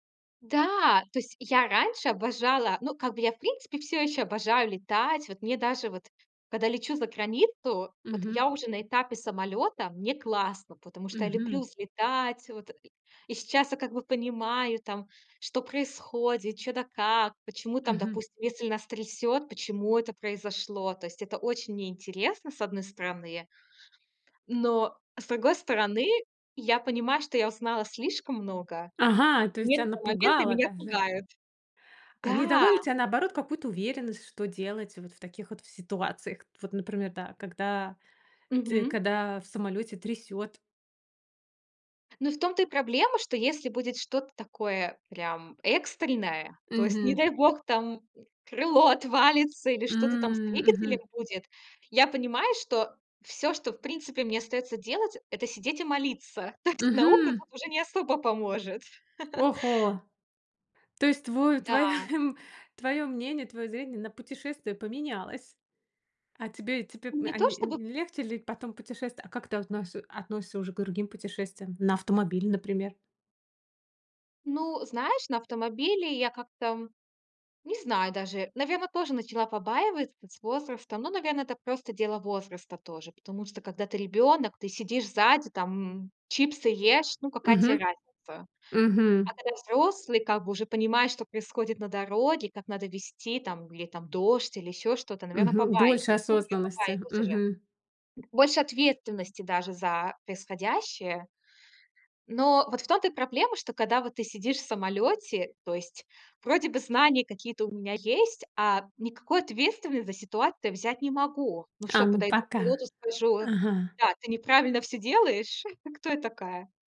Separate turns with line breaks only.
Да, то есть я раньше обожала. Ну, как бы я, в принципе, всё ещё обожаю летать. Вот мне даже вот, когда лечу за границу, вот
Мгм.
я уже на этапе самолёта, мне классно, потому что я люблю
Мгм.
взлетать, вот и И сейчас я как бы понимаю, там, что происходит, чё да как, почему там,
Мгм.
допустим, если нас трясёт, почему это произошло. То есть это очень мне интересно, с одной стороны. Но с другой стороны, я понимаю, что я узнала слишком много.
Ага, то есть тя
Некоторые моменты
напугало
меня
даже!
пугают.
А не дало ли
Да!
тя, наоборот, какую-то уверенность, что делать вот в таких вот в ситуациях к Вот, например, да, когда ти
Мгм.
когда в самолёте трясёт?
Ну, в том-то и проблема, что если будет что-то такое прям экстренное, то есть, не
Мгм.
дай бог, там крыло отвалится или что-то там с
М.
двигателем
Мгм.
будет, я понимаю, что всё, что в принципе мне остаётся делать- это сидеть и молиться. То есть наука
Мгм!
тут уже не особо поможет.
Ого! То есть тву твоё,
Да.
м, твоё мнение, твоё зрение на путешествие поменялось. А тебе, тебе
Не
а
то
ни
чтобы
не легче ли потом путешествовать? А как ты относис относишься уже к другим путешествиям? На автомобиле, например?
Ну, знаешь, на автомобиле я как-то, м, не знаю даже, наверно, тоже начала побаиваться с возрастом. Ну, наверное, это просто дело возраста тоже. Потому что, когда ты ребенок, ты сидишь сзади, там, м, чипсы ешь, ну, какая те
Мгм,
разница?
мгм.
А когда взрослый, как бы, уже понимаешь, что происходит на дороге, как надо везти, там, или, там, дождь, или ещё что-то, наверно,
Мгм.
побаиваюсь.
Больше
Ну, я
осознанности.
побаиваюсь уже.
Мгм.
Б больше ответственности даже за происходящее. Но вот в том-то и проблема, что когда вот ты сидишь в самолёте, то есть, вроде бы знания какие-то у меня есть, а никакой ответственности за ситуацию я взять не могу. Ну что,
Ам,
подойду к
пока.
пилоту, скажу:
Ага.
"Да, ты неправильно всё делаешь". Кто я такая?